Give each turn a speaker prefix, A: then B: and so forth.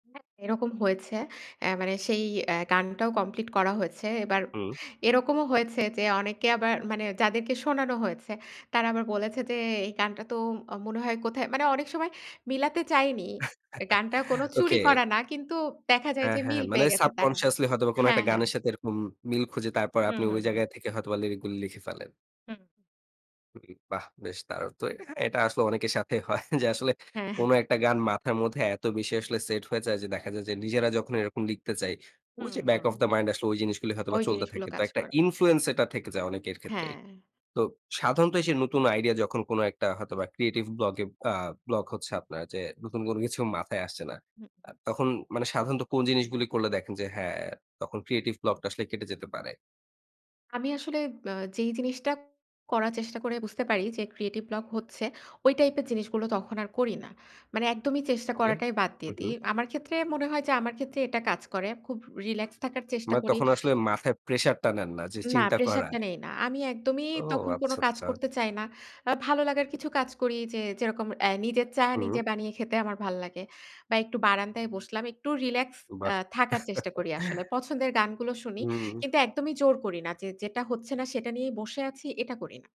A: হ্যাঁ। এরকম হয়েছে। অ্যা মানে সেই এ্যা গানটাও কমপ্লিট করা হয়েছে। এবার
B: হু।
A: এরকমও হয়েছে যে, অনেকে আবার মানে যাদেরকে শোনানো হয়েছে তারা আবার বলেছে যে, এই গানটা তো মনে হয় কোথায় মানে অনেক সময় মিলাতে চায়নি। গানটা কোন চুরি
B: ওকে।
A: করা না। কিন্তু দেখা যায়
B: হ্যাঁ,
A: যে
B: হ্যাঁ, হ্যাঁ,
A: মিল
B: মানে
A: পেয়ে গেছে তারা।
B: সাবকন্সিয়াসলি হয়তোবা কোন
A: হ্যাঁ,
B: একটা
A: হ্যাঁ।
B: গানের সাথে এরকম মিল খুঁজে তারপর
A: হু,
B: আপনি
A: হু,
B: ওই
A: হু।
B: জায়গায় থেকে হয়তোবা লিরিক গুলো লিখে ফেলেন।
A: হুম।
B: [unintelligible] বাহ বেশ দারুণ তো! এটা আসলে অনেকের সাথেই হয় যে আসলে
A: হ্যাঁ।
B: কোনো একটা গান মাথার মধ্যে এত বেশি আসলে সেট হয়ে যায় যে দেখা যায় যে নিজেরা যখন এরকম লিখতে যাই।
A: হু,
B: ওই যে back of
A: who.
B: the mind আসলে ঐ জিনিসগুলো হয়তোবা
A: ওই
B: চলতে
A: জিনিসগুলো
B: থাকে। তো
A: কাজ
B: একটা
A: করে।
B: ইনফ্লুয়েন্স এটা থেকে যায় অনেকের ক্ষেত্রেই।
A: হ্যাঁ।
B: তো সাধারণত সেই নতুন আইডিয়া যখন কোন একটা হয়তোবা ক্রিয়েটিভ ব্লগে আ ব্লক হচ্ছে আপনার যে নতুন কোনো কিছু মাথায় আসছে না।
A: হু,
B: আ
A: উ।
B: তখন মানে সাধারণত কোন জিনিসগুলো করলে দেখেন যে, হ্যাঁ তখন ক্রিয়েটিভ ব্লক টা আসলে কেটে যেতে পারে।
A: আমি আসলে অ্যা যেই জিনিসটা করার চেষ্টা করে বুঝতে পারি যে ক্রিয়েটিভ ব্লক হচ্ছে ঐ টাইপ এর জিনিসগুলো তখন আর করি না। মানে একদমই চেষ্টা
B: ওকে
A: করাটাই বাদ
B: হু,
A: দিয়ে
B: হু।
A: দেই। আমার ক্ষেত্রে মনে হয় যে, আমার ক্ষেত্রে এটা কাজ করে। খুব রিল্যাক্স থাকার চেষ্টা
B: মা
A: করি।
B: তখন আসলে মাথায় প্রেশার টা নেন না যে
A: না
B: চিন্তা
A: প্রেশার
B: করার।
A: টা নেই না। আমি একদমই
B: ও
A: তখন কোন
B: আচ্ছা,
A: কাজ
B: আচ্ছা।
A: করতে চাই না। আ ভালো লাগার কিছু কাজ করি যে যেরকম এ্যা নিজের চা
B: হুম।
A: নিজে বানিয়ে খেতে আমার ভাল লাগে। বা একটু বারান্দায় বসলাম। একটু রিল্যাক্স
B: বাহ!
A: এ্যা থাকার চেষ্টা করি আসলে। পছন্দের গানগুলো শুনি।
B: হুম।
A: কিন্তু একদমই জোর করি না। যে যেটা হচ্ছে না সেটা নিয়েই বসে আছি এটা করি না।